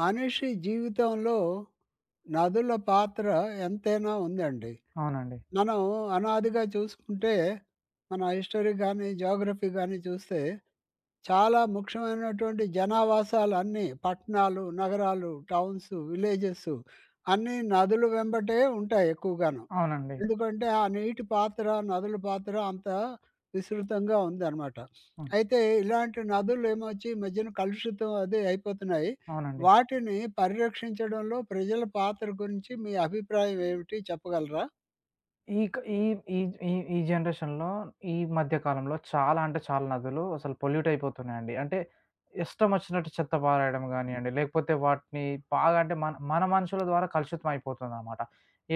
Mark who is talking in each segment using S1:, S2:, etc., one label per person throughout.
S1: మనిషి జీవితంలో నదుల పాత్ర ఎంతైనా ఉందండి.
S2: అవునండి.
S1: మనం అనాదిగా చూసుకుంటే, మన హిస్టోరీ గానీ, జియోగ్రఫీ గాని చూస్తే, చాలా ముఖ్యమైనటువంటి జనావాసాలన్నీ పట్టణాలు, నగరాలు, టౌన్స్, విలేజెసు అన్నీ నదులు వెంబటే ఉంటాయి ఎక్కువగాను.
S2: అవునండి.
S1: ఎందుకంటే, ఆ నీటి పాత్ర, నదుల పాత్ర అంతా విసృతంగా ఉందనమాట.
S2: ఆ!
S1: అయితే ఇలాంటి నదులే ఏమోచ్చి, మధ్యన కలుషితం అది అయిపోతున్నాయి.
S2: అవునండి.
S1: వాటిని పరిరక్షించడంలో ప్రజల పాత్ర గురించి మీ అభిప్రాయం ఏమిటి చెప్పగలరా?
S2: ఈక ఈ ఈ ఈ ఈ జనరేషన్‌లో ఈ మధ్య కాలంలో చాలా అంటే చాలా నదులు అసలు పొల్యూట్ అయిపోతున్నాయండి. అంటే, ఇష్టమొచ్చినట్టు చెత్త పారెయడం గానియండి, లేకపోతే వాటిని బాగా అంటే మన మన మనుషుల ద్వారా కలుషితమయిపోతుందనమాట.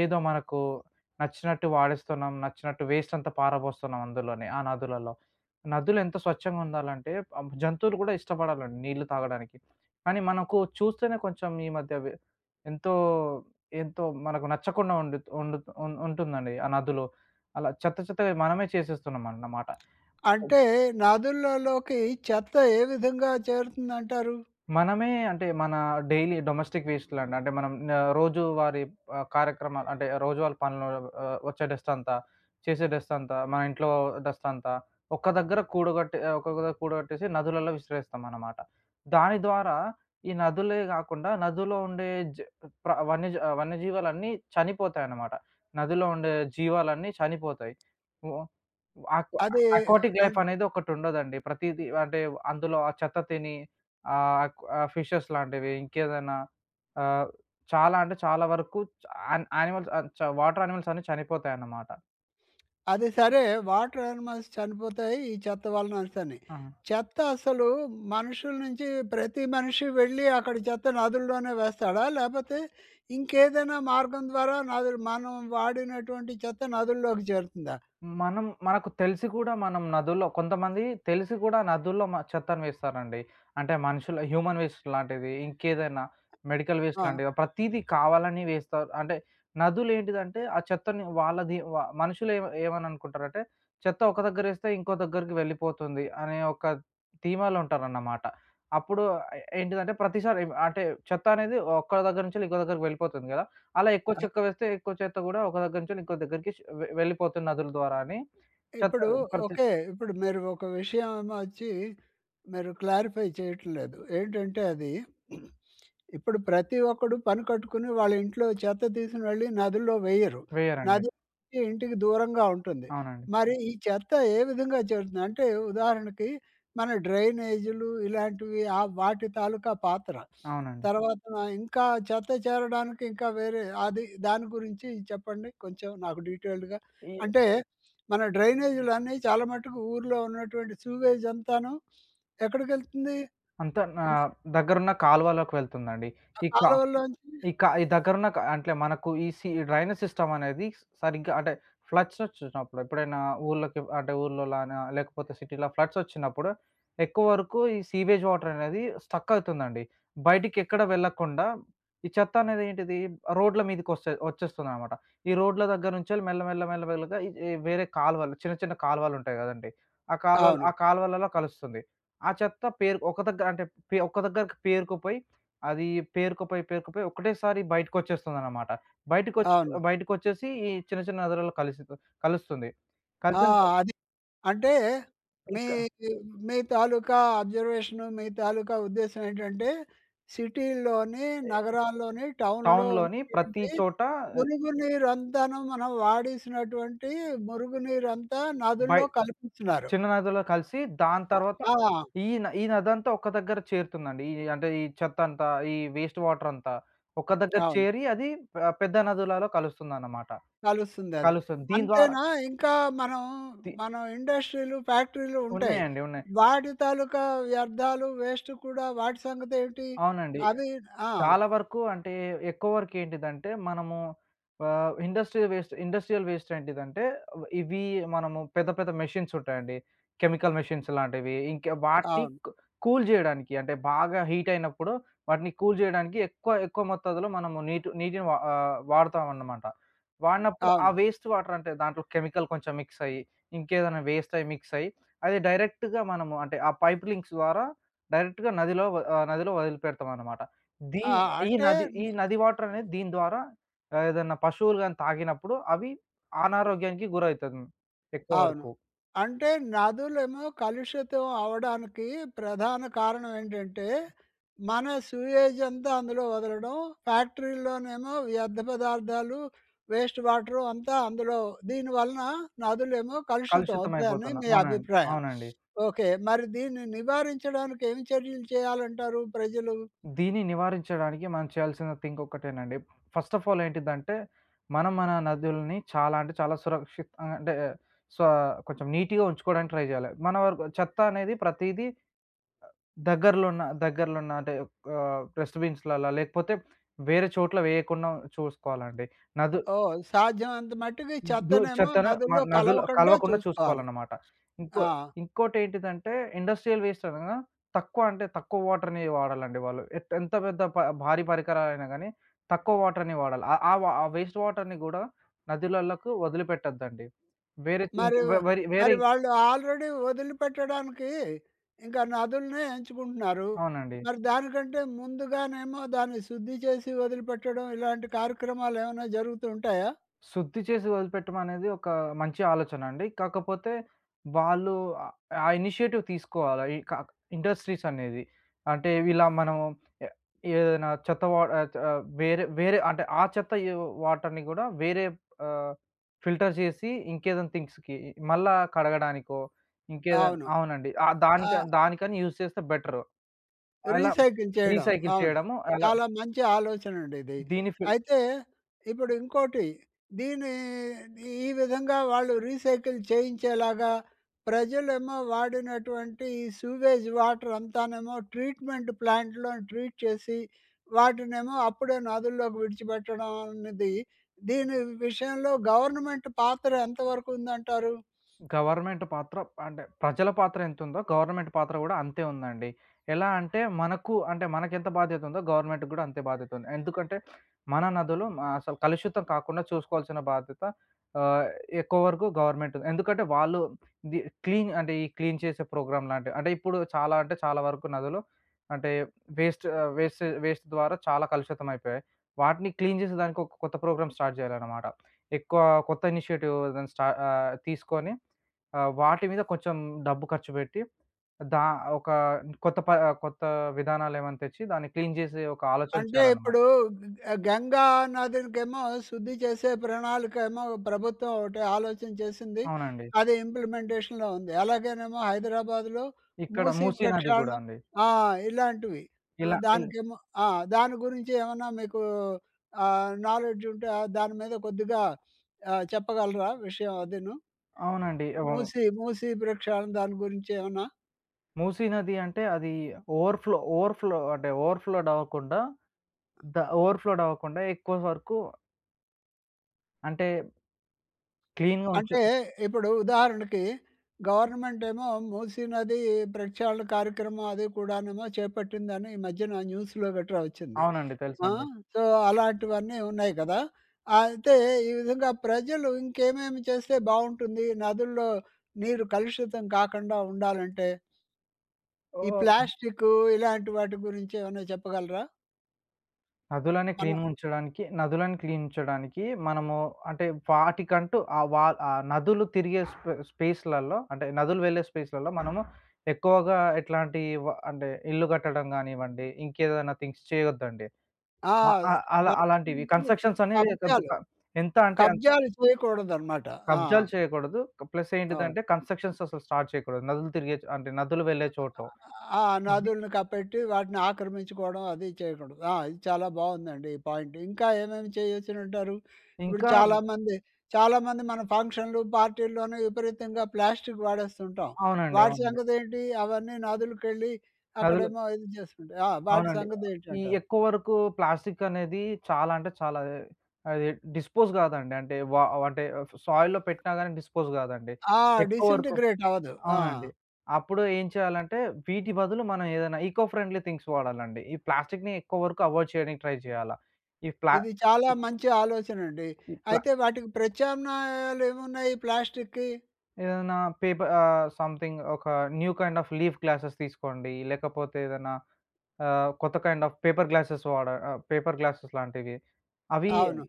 S2: ఏదో మనకు నచ్చినట్టు వాడేస్తున్నాం. నచ్చినట్టు వేస్టంతా పారబోస్తున్నాం అందులోనే, ఆ నదులలో. నదులెంత స్వచ్ఛంగా ఉండాలంటే, ఆ జంతువులు కూడా ఇష్టపడాలండి నీళ్ళు తాగడానికి. కానీ, మనకు చూస్తేనే కొంచెం ఈ మధ్య వి ఎంతో ఎంతో మనకు నచ్చకుండా ఉండు ఉండు ఉ ఉంటుందండి ఆ నదులో. అలా చెత్త చెత్తగా మనమే చేసేస్తున్నామన్నమాట.
S1: అంటే నదులలోకి చెత్త ఏ విధంగా చేరుతుందంటారు?
S2: మనమే అంటే మన డైలీ డొమెస్టిక్ వేస్టులండి, అంటే మనం న రోజువారి ఆహ్, కార్యక్రమాలు, అంటే రోజువారి పనులో ఆహ్, ఒచ్చే డస్టంతా, చేసే డస్టంతా, మా ఇంట్లో డస్టంతా ఒక్క దగ్గర కూడగట్ట ఒక్కొక్క కూడగట్టేసి నదులలో విసిరేస్తామన్నమాట. దాని ద్వారా ఈ నదులే గాకుండా, నదులో ఉండే జ ప్ర వన్యజ వన్యజీవాలన్నీ చనిపోతాయన్నమాట. నదిలో ఉండే జీవాలన్నీ చనిపోతాయి. ఓ ఓ అకొ
S1: అదె
S2: అకోటిక్ లైఫ్
S1: అంట్
S2: అనేదొకటుండదండి, ప్రతీది అంటే అందులో ఆ చెత్త తిని, ఆహ్, ఆ ఫిషెస్ లాంటివి, ఇంకేదైనా ఆహ్, చాలా అంటే చాలా వరకు చ యాన్ యానిమల్స్ ఆహ్, చ వాటర్ యానిమల్స్ అన్ని చనిపోతాయన్నమాట.
S1: అది సరే, వాటర్ యానిమల్స్ చనిపోతాయి, ఈ చెత్త వలననేసని.
S2: ఆహా!
S1: చెత్త అసలు మనుషుల నుంచి ప్రతి మనిషి వెళ్ళి అక్కడ చెత్త నదుల్లోనే వేస్తాడా? లేపోతే ఇంకేదైనా మార్గం ద్వారా నదులు మనం వాడినటువంటి చెత్త నదుల్లోకి చేరుతుందా?
S2: మనం మనకు తెలిసి కూడా మనం నదుల్లో కొంతమంది తెలిసి కూడా నదుల్లో మ చెత్తను వేస్తారండి. అంటే మనుషుల హ్యూమన్ వేస్ట్ లాంటిది, ఇంకేదైనా మెడికల్ వేస్ట్
S1: ఆ!
S2: లాంటివి, ప్రతీదీ కావాలని వేస్తారు. అంటే నదులేంటిదంటే, ఆ చెత్తని వాళ్ళది వ మనుషులే ఏమన ఏమనిననుకుంటారంటే, చెత్త ఒక దగ్గరేస్తే ఇంకో దగ్గరికి వెళ్ళిపోతుంది అనే ఒక ధీమాలో ఉంటారన్నమాట. అప్పుడు ఏ ఏంటిదంటే ప్రతిసారి అంటే చెత్త అనేది ఒక్క దగ్గర నుంచి ఇంకో దగ్గరికి వెళ్ళిపోతుంది గదా! అలా ఎక్కువ
S1: ఆ!
S2: చెత్త వేస్తే ఎక్కువ చెత్త కూడా ఒక దగ్గర నుంచి ఇంకో దగ్గరికి ష్ వె వెళ్ళిపోతుంది నదుల ద్వారా అని చెత్త
S1: ఇప్పుడు
S2: ప్రతి
S1: ఓకే. ఇప్పుడు మీరు ఒక విషయమెమోవచ్చి మీరు క్లారిఫై చేయట్లేదు. ఏంటంటే అది ఇప్పుడు ప్రతి ఒక్కడు పని కట్టుకొని వాళ్ళ ఇంట్లో చెత్త తీసోకొనీ వెళ్ళి నదుల్లో వేయరు,
S2: వేయరండి.
S1: నది అనేది ఇంటికి దూరంగా ఉంటుంది.
S2: అవునండి.
S1: మరి ఈ చెత్త ఏ విధంగా చేరుతుంది అంటే ఉదాహరణకి, మన డ్రైనేజీలు, ఇలాంటివి ఆ వాటి తాలూకా పాత్ర.
S2: అవునండి.
S1: తర్వాత ఇంకా చెత్త చేరడానికి ఇంకా వేరే అది దాని గురించి చెప్పండి కొంచెం నాకు డీటెయిల్డ్‌గా.
S2: ఈయ
S1: అంటే మన డ్రైనేజ్‍లన్నీ చాలా మట్టుకు ఊర్లో ఉన్నటువంటి సూవేజంతాను. ఎక్కడికెళ్తుంది?
S2: అంత నా
S1: న
S2: దగ్గరున్న కాలువలోకి వెళ్తుందండి.
S1: ఆ
S2: ఈ కా
S1: కాలవలోంచి
S2: ఈ క ఈ దగ్గరున్న క అంటే మనకు ఈ సి డ్రైనేజ్ సిస్టమ్ అనేది సరిగ్గా అంటే ఫ్లడ్స్ ఒచ్చినప్పుడు, ఎప్పుడైనా ఊర్లోకి అంటే ఊర్లోలానా లేకపోతే సిటీలో ఫ్లడ్స్ ఒచ్చినప్పుడు ఎక్కువ వరకు ఈ సీవేజ్ వాటరనేది స్ట్రక్ అతుందండి. బయటికెక్కడ వెళ్ళకుండా, ఈ చెత్త అనేది ఏంటిది? రోడ్ల మీదకొస్త వచ్చేస్తుందనమాట. ఈ రోడ్ల దగ్గర నుంచి మెల్ల మెల్ల మెల్ల మెల్లగా ఇది వేరే కాలువలు చిన్న చిన్న కాలువలుంటాయి గదండీ! ఆ కాాల్వల్
S1: అవును.
S2: ఆ కాాల్వలలో కలుస్తుంది. ఆ చెత్త పేర్ ఒక దగ్గర అంటే పే ఒక దగ్గరకి పేరుకోపోయి. అది పేరుకపోయి, పేరుకపోయి ఒకటేసారి బయటకొచ్చేస్తుందనమాట. బయటకోచ్చి
S1: అవును.
S2: బయటకోచ్చేసి ఈ చిన్న చిన్న నదులలో కలిసి కలుస్తుంది.
S1: ఆ!
S2: కల్సిన త
S1: అది. అంటే మీ
S2: ఇంకా
S1: మీ మీ తాలూకా అబ్జర్వేషను మీ తాలూకా ఉద్దేశ్యం ఏంటంటే, సిటీల్లోని,
S2: ఏ
S1: నగరాల్లోని టౌన్‍లో
S2: టౌన్‍లోని ప్రతి
S1: ఉంటున్నటువంటి
S2: చోటా ఎవ్
S1: మురుగు నీరంతాను మనం వాడేసినటువంటి, మురుగు నీరంతా
S2: బై
S1: నదుల్లో కలిపేస్తున్నారు.
S2: చిన్న నదులో కలిసి దాని తర్వాత
S1: ఆ!
S2: ఈన ఈ నదంతా ఒక దగ్గర చేరుతుందండి. ఈ ఈ అంటే ఈ చెత్తంతా ఈ వేస్ట్ వాటరంతా. ఒక దగ్గర
S1: అవును.
S2: చేరి, అది పె పెద్ద నదులలో కలుస్తుందనమాట.
S1: కలుస్తుందది.
S2: కలుస్తుంది దీని ద్వారా
S1: అంతేనా ఇంకా మనం,
S2: తి
S1: మనం ఇండస్ట్రీలు, ఫ్యాక్టరీలు ఉంటాయి.
S2: ఉన్నాయండి. ఉన్నాయి.
S1: వాటి తాలూకా వ్యర్థాలు వేస్ట్ కుడా వాటి సంగతేంటి?
S2: అవునండి.
S1: అవి ఆ!
S2: చాలా వరకు అంటే ఎక్కువరకు ఏంటిదంటే, మనము ఆహ్, ఇండస్ట్రియల్ వేస్ట్ ఇండస్ట్రియల్ వేస్ట్ ఏంటిదంటే, అవ్ ఇవి మనము పెద్ద పెద్ద మెషిన్స్ ఉంటాయండి. కెమికల్ మెషిన్స్ లాంటివి. ఇంకా వాటిని
S1: అవును.
S2: కూ కూల్ చేయడానికి, అంటే బాగా హీట్ అయినప్పుడు, వాటిని కూల్ చేయడానికి ఎక్కువ, ఎక్కువ మొత్తాదులో మనము నీటు నీటిని వా ఆహ్, వాడతామన్నమాట. వాడినప్పుడు ఆ
S1: అవును.
S2: వేస్ట్ వాటర్ అంటే దాంట్లో కెమికల్ కొంచెం మిక్స్ అయ్యి, ఇంకేదనా వేస్ట్ అయి మిక్స్ అయ్యి, అది డైరెక్ట్‌గా మనము అంటే ఆ పైప్ లింక్స్ ద్వారా డైరెక్ట్‌గా నదిలో వ ఆ నదిలో వదిలిపెడతావనమాట.
S1: ఆ!
S2: దీన్ ఈ
S1: అంటే
S2: నది ఈ
S1: న
S2: నది వాటరనేది దీని ద్వారా ఏదన్నా పశువులు గాని, తాగినప్పుడు అవి అనారోగ్యానికి గురైతది. హ్మ్. ఎక్కువ
S1: అవును.
S2: వరకు.
S1: అంటే నదులేమో కలుషితం అవ్వడానికి ప్రధాన కారణం ఏంటంటే, మన సూయేజంతా అందులో వదలడం. ఫ్యాక్టరీలోనేమో వ్యర్థ పదార్థాలు, వేస్ట్ వాటరు, అంతా అందులో దీనివలన నదులేమో కలుషితం అవుతాయని
S2: కలుషితమైపోతున్నా
S1: మీ
S2: అవునండి.
S1: అభిప్రాయం.
S2: అవునండి.
S1: ఓకే. మరి దీన్ని నివారించడానికి ఏమి చర్యలు చేయాలంటారు ప్రజలు?
S2: దీన్ని నివారించడానికి మనం చేయాల్సిన థింక్ ఒక్కటేనండి. ఫస్ట్ ఆఫ్ ఆల్ ఏంటిదంటే, మనం మన నదుల్ని చాలా అంటే చాలా సురక్షిత ఆహ్, అంటే సో కొంచెం నీట్‌గా ఉంచుకోవడానికి ట్రై జేయాలి. మన వరకు చెత్త అనేది ప్రతీదీ అ దగ్గరలోన్న దగ్గరలోన్న అంటే ఆహ్, డస్ట్‌బిన్స్‌ల్లలా లేకపోతే వేరే చోట్ల వేయకుండా చూసుకోవాలండి. నదు
S1: ఓహ్! సాధ్యమంత మట్టుకి
S2: దుద్
S1: చెత్తనేమో
S2: చెత్తను మ
S1: నదుల్లో
S2: నదులో
S1: కలవకుండా
S2: కలవకుండా
S1: చూసుకోవాలి.
S2: చూసుకోవాలన్నమాట. ఇంకో
S1: ఆ!
S2: ఇంకోటేంటిదంటే, ఇండస్ట్రియల్ వేస్ట్ అనగా తక్కువ అంటే తక్కువ వాటర్‍ని వాడాలండి వాళ్ళు. ఎ ఎంత పెద్ద ప భారీ పరికరాలైనా గాని, తక్కువ వాటర్‍ని వాడాలి. ఆహ్, ఆ వ ఆ వేస్ట్ వాటర్‍ని కూడా నదులలకు వదిలిపెట్టొద్దండి. వేరే తి ఇంక
S1: మరి,
S2: వ వరి వేరే
S1: మరి
S2: ఇ
S1: వాళ్ళు ఆల్రెడీ వదిలిపెట్టడానికి ఇంకా నదుల్నే ఎంచుకుంటున్నారు.
S2: అవునండి.
S1: మరి దానికంటే ముందుగానేమో దాన్ని శుద్ధి చేసి, వదిలిపెట్టడం ఇలాంటి కార్యక్రమాలేమన్నా జరుగుతూంటాయా?
S2: శుద్ధి చేసి వదిలిపెట్టం అనేది ఒక మంచి ఆలోచనండి. కాకపోతే వాళ్ళు అ ఆ ఇనిషియేటివ్ తీసుకోవాల, ఇక ఇండస్ట్రీస్ అనేది. అంటే ఇలా మనము ఏ ఏదైనా చెత్త వా ఆహ్, ఆహ్, వేరే వేరే అంటే ఆ చెత్తయ వాటర్‍ని కూడా వేరే ఆహ్, ఫిల్టర్ చేసి, ఇంకేదైనా థింగ్స్‌కి మళ్ళా కడగడానికో ఇంకేదన్
S1: అవును.
S2: అవునండి. ఆ దానిక
S1: ఆ!
S2: దానికని యూజ్ చేస్తే బెటరు. అలా
S1: రీసైకిల్ చేయడం.
S2: రీసైకిల్
S1: అవును.
S2: చేయడము అల
S1: చాలా మంచి ఆలోచనండి ఇది.
S2: దీని ఫిల్
S1: అయితే ఇప్పుడు ఇంకోటి, దీన్ని ఈ విధంగా వాళ్ళు రీసైకిల్ చేయించేలాగా, ప్రజలేమో వాడినటువంటి ఈ సూవేజ్ వాటర్ అంతానేమో ట్రీట్మెంట్ ప్లాంట్‍లోని ట్రీట్ చేసి, వాటినేమో అప్పుడే నదుల్లోకి విడిచిపెట్టడం అనేది, దీని విషయంలో గవర్నమెంట్ పాత్ర ఎంతవరకు ఉందంటారు?
S2: గవర్నమెంట్ పాత్ర అంటే ప్రజల పాత్ర ఎంతుందో గవర్నమెంట్ పాత్ర గూడా అంతే ఉందండి. ఎలా అంటే మనకు అంటే మనకెంత బాధ్యతుందో గవర్నమెంట్‍కి కూడా అంతే బాధ్యతుంది. ఎందుకంటే మన నదులు అసలు కలుషితం కాకుండా చూసుకోవాల్సిన బాధ్యత ఆహ్, ఎక్కువ వరకు గవర్నమెంట్‍ది. ఎందుకంటే వాళ్ళు ఇది క్లీన్ అంటే, ఈ క్లీన్ చేసే ప్రోగ్రామ్ లాంటివి. అంటే ఇప్పుడు చాలా అంటే చాలా వరకు నదులు అంటే వేస్ట్ ఆహ్, వేస్ట్ వేస్ట్ ద్వారా చాలా కలుషితం అయిపోయాయి. వాటిని క్లీన్ జేసే దానికి, ఒక కొత్త ప్రోగ్రామ్ స్టార్ట్ చేయాలనమాట. ఎక్కువ కొత్త ఇనిషియేటివ్ ఏదన్నా స్టా ఆహ్, తీసుకొని ఆహ్, వాటి మీద కొంచెం డబ్బు ఖర్చు పెట్టి, దా ఒక కొత్త ప కొత్త విధానాలేమన్నా తెచ్చి, దాన్ని క్లీన్ చేసే ఒక ఆలోచన
S1: అంటే
S2: చేయాలన్నమాట.
S1: ఇప్పుడు గ గంగా నదులకేమో శుద్ధి చేసే ప్రణాళికేమో ప్రభుత్వం ఒకటి ఆలోచన చేసింది.
S2: అవునండి.
S1: అది ఇంప్లిమెంటేషన్‍లో ఉంది. అలాగేనేమో, హైదరాబాద్‍లో
S2: ఇక్కడ
S1: మూసి
S2: మూసీ నది గూడా
S1: ప్రక్షాలన
S2: అండి.
S1: ఆ! ఇలాంటివి. ఆహ్,
S2: ఇలా ఇల్
S1: దానికేమో ఆ! దాని గురించి ఏమన్నా మీకు ఆహ్, నాలెడ్జ్ ఉంటే దాని మీద కొద్దిగా ఆహ్, చెప్పగలరా? విషయం అదీను.
S2: అవునండి. ఇవం
S1: మూసీ మూసీ ప్రక్షాలన దాని గురించేమన్నా
S2: మూసీ నది అంటే, అది ఓవర్ ఫ్లో ఓవర్ ఫ్లో అంటే ఓవర్ ఫ్లోడ్ అవ్వకుండా ద ఓవర్ ఫ్లోడ్ అవ్వకుండా ఎక్కువ వరకు అంటే క్లీన్‌గా ఉంచా
S1: అంటే ఇప్పుడు ఉదాహరణకి, గవర్నమెంటేమో మూసీనది ప్రెక్షాళన కార్యక్రమం అది కూడానేమో చేపట్టిందని ఈ మధ్యన న్యూస్‌లో గట్ర ఒచ్చింది.
S2: అవునండి.
S1: ఆ?
S2: తెలుసండి.
S1: సో, అలాంటివన్నీ ఉన్నాయి గదా! అయితే ఈ విధంగా ప్రజలు ఇంకేమేమి చేస్తే బావుంటుంది నదుల్లో నీరు కలుషితం కాకుండా ఉండాలంటే? ఈ
S2: ఓహో! హ్మ్.
S1: ప్లాస్టికు, ఇలాంటి వాటి గురించి ఏమన్నా చెప్పగలరా?
S2: నదులని
S1: అను
S2: క్లీన్‌‌గుంచడానికి నదులను క్లీన్ ఉంచడానికి, మనము అంటే వాటికంటూ ఆ వా ఆ నదులు తిరిగే స్పే స్పేసులలో అంటే, నదులు వెళ్ళే స్పేసులలో మనము ఎక్కువగా ఎట్లాంటి వ అంటే ఇల్లు కట్టడం గానివ్వండి, ఇంకేదైనా థింగ్స్ చేయొద్దండి.
S1: ఆ!
S2: అ అ
S1: బ
S2: అలా అలాంటివి
S1: హుహు.
S2: కన్స్‌ట్రక్షన్స్ అనేది కొద్దు ప
S1: కబ్జాలు.
S2: ఎంత అంటే అన్
S1: కబ్జాలు చేయకూడదనమాట. ఆ!
S2: కబ్జాలు చేయకూడదు. ప్లస్
S1: అవును.
S2: ఏంటిదంటే, కన్స్‌ట్రక్షన్స్ అసలు స్టార్ట్ చేయకూడదు. నదులు తిరిగే అంటే నదులు వెళ్ళే
S1: అ
S2: చోట్లో.
S1: అ ఆ!
S2: అవి
S1: నదుల్ని కప్పెట్టి వాటిని ఆక్రమించుకోవడం అది చేయకూడదు. ఆ! ఇది చాలా బావుందండి ఈ పాయింట్. ఇంకా ఏమేమి చేయొచ్చనింటారు? ఇప్పుడు
S2: ఇంకా
S1: చాలామంది చాలామంది మన ఫంక్షనులు పార్టీ‌లోనే విపరీతంగా ప్లాస్టికు వాడేస్తుంటాం.
S2: అవునండి.
S1: వాడి
S2: అవునండి.
S1: సంగతేంటి? అవన్నీ నదులకెళ్ళి,
S2: నదులు
S1: అక్కడేమో ఇది చేస్తుటుంటాయి. ఆ! వాటి
S2: అవునండి. ఈ
S1: సంగతేంటంటారు?
S2: ఎక్కువ వరకు ప్లాస్టికు అనేది చాలా అంటే చాలా అదే, అది డిస్పోజ్ కాదండి. అంటే వా అంటే సాయిల్‌లో పెట్టినా గాని, డిస్పోజ్ కాదండి.
S1: ఆ!
S2: ఎక్కువ వరకు
S1: డిసింటిగ్రేట్ అవ్వదు. ఆ!
S2: అవునండి. అప్పుడు ఏం చేయాలంటే, వీటి బదులు మనం ఏదైనా ఇకో ఫ్రెండ్‌లి థింగ్స్ వాడాలండి. ఈ ప్లాస్టిక్‌ని ఎక్కువ వరకు అవాయిడ్ చేయడానికి ట్రై చేయాలా. ఇ ప్లా
S1: ఇది చాలా
S2: ఇ
S1: మంచి ఆలోచనండి.
S2: ఇట్లా.
S1: అయితే వాటికి ప్రత్యామ్నాయాలు ఏమున్నాయి ప్లాస్టిక్కి?
S2: ఏదన్నా పేప ఆహ్, సంథింగ్ ఒక new kind of leaf glasses తీసుకోండి, లేకపోతే ఏదన్నా ఆహ్, కొత్త కైండ్ ఆఫ్ పేపర్ గ్లాసెస్ వాడ ఆహ్, పేపర్ గ్లాసెస్ లాంటివి. అవి
S1: అవును.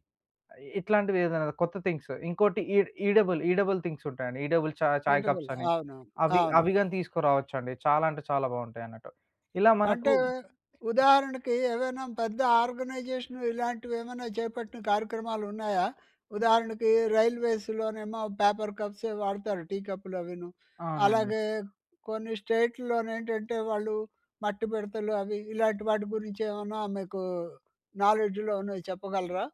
S2: ఇట్లాంటివి ఏదన్నా కొత్త థింగ్సు, ఇంకోటి ఈ ఈడబుల్ ఈడబుల్ థింగ్స్ ఉంటాయండి. ఈడబుల్ చా చాయ్
S1: ఈడబుల్
S2: కప్సని,
S1: అవునవును.
S2: అవి
S1: అవును.
S2: అవిగాని తీసుకురావచ్చండి. చాలా అంటే చాలా బావుంటాయన్నట్టు. ఇలా మనకు
S1: అంటే ఉదాహరణకి, ఏవైనా పెద్ద ఆర్గనైజేషన్ ఇలాంటివి వేమన్నా చేపట్టిన కార్యక్రమాలు ఉన్నాయా? ఉదాహరణకి, రైల్వేస్‌లోనేమో పేపర్ కప్సే వాడతారు, టీకప్పు‌లు అవిను.
S2: అవునండి.
S1: అలాగే కొన్ని స్టేటుల్లో నేంటంటే వాళ్ళు మట్టి బిడతలు అవి ఇలాంటి వాటి గురించి ఏమన్నా మీకు నాలెడ్జ్‌లో ఉన్నాయి చెప్పగలరా?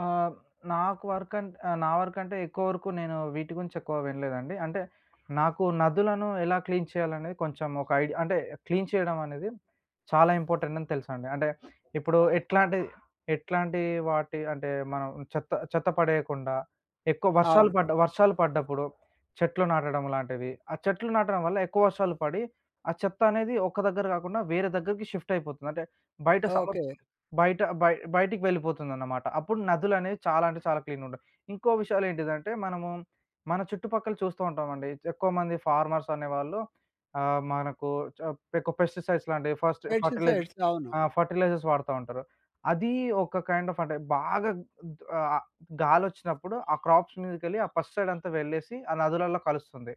S2: ఆహ్, నాకు వర్కంన్ ఆహ్, నా వర్కంటే ఎక్కువ వరకు నేను వీటి గురించి ఎక్కువ వినలేదండి. అంటే నాకు నదులను ఎలా క్లీన్ చేయాలనేది కొంచెం ఒక ఐడి అంటే క్లీన్ చేయడం అనేది చాలా ఇంపార్టెంట్ అని తెలుసాండి. అంటే ఇప్పుడు ఎట్లాంటి ఎట్లాంటి వాటి అంటే మనం చెత్త చెత్త పడేయకుండా, ఎక్కువ వర్షాలు
S1: అవును.
S2: పడ్డ, వర్షాలు పడ్డప్పుడు, చెట్లు నాటడం లాంటివి, ఆ చెట్లు నాటడం వల్ల ఎక్కువ వర్షాలు పడి, ఆ చెత్త అనేది ఒక్క దగ్గర గాకుండా, వేరే దగ్గరికి షిఫ్ట్ అయిపోతుంది. అంటే, బయట సమద్
S1: ఓకే.
S2: బయట బయ బయటికి వెళ్ళిపోతుందన్నమాట. అప్పుడు నదులనేవి చాలా అంటే చాలా క్లీన్ ఉంటాయి. ఇంకో విషయాలు ఏంటిదంటే, మనము మన చుట్టుపక్కల చూస్తూ ఉంటామండి, ఎక్కువమంది ఫార్మర్స్ అనేవాళ్ళు ఆహ్, మనకు చ ఎక్కువ పెస్టిసైడ్స్ లాంటివి ఫస్టు ఫర్టిలైజ్
S1: పెస్టిసైడ్స్ అవును.
S2: ఆహ్, ఫర్టిలైజర్స్ వాాడుతా ఉంటారు. అది ఒక కైండ్ ఆఫ్ అంటే బాగా ఉద్ ఆహ్, గాలొచ్చినప్పుడు ఆ క్రాప్స్ మీదకెళ్ళి ఆ పెస్టిసైడ్ అంతా వెళ్ళేసి, ఆ నదులలో కలుస్తుంది.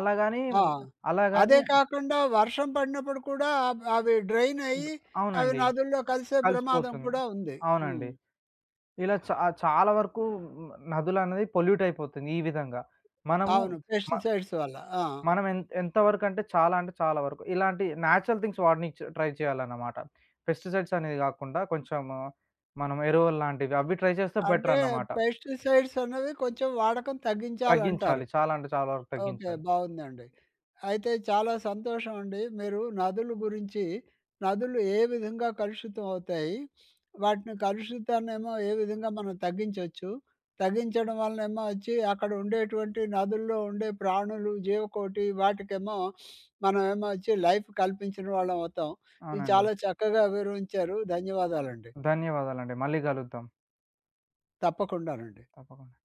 S2: అలాగాని
S1: ఆ! అదే
S2: అలాగాని
S1: కాకుండా వర్షం పడినప్పుడు కూడా అవ్ అవి డ్రైన్ అయ్యి, అవి
S2: అవునండి.
S1: నదుల్లో కలిసే ప్రమాదం
S2: కలిసిపోతుంది.
S1: కూడా ఉంది.
S2: అవునండి.
S1: హ్మ్.
S2: ఇలా చా చాలా వరకు నదులనేది పొల్యూట్ అయిపోతుంది ఈ విధంగా. మనము
S1: అవును.
S2: మ
S1: పెస్టిసైడ్స్ వల్ల. ఆ!
S2: మనం ఎంత ఎంతవరకంటే చాలా అంటే చాలా వరకు. ఇలాంటి న్యాచురల్ థింగ్స్ వాడనిచ్చ ట్రై చేయాలన్నమాట. పెస్టిసైడ్స్ అనేది గాకుండా కొంచము మనం ఎరువలు లాంటివి అవి ట్రై చేస్తే
S1: అంటే
S2: బెటరన్నమాట.
S1: పెస్టిసైడ్స్ అన్నవి కొంచెం వాడకం తగ్గించాలంటారు.
S2: తగ్గించాలి. చాలా అంటే చాలా వరకు
S1: ఓకే.
S2: తగ్గించాలి.
S1: బావుందండి. అయితే చాలా సంతోషమండి, మీరు నదుల గురించి, నదులు ఏ విధంగా కలుషితమవుతాయి? వాటిని కలుషితాన్నేమో ఏ విధంగా మనం తగ్గించొచ్చు, తగించడం వలనేమో ఒచ్చి అక్కడ ఉండేటువంటి నదుల్లో ఉండే ప్రాణులు, జీవకోటి వాటికేమో మనమేమో ఒచ్చి లైఫ్ కల్పించిన వాళ్ళం అవుతాం. ఇవి
S2: అవునండి.
S1: చాలా చక్కగా వివవంచారు. ధన్యవాదాలండి.
S2: ధన్యవాదాలండి. మళ్ళీ గలుద్దాం.
S1: తప్పకుండానండి.
S2: తప్పకుండా.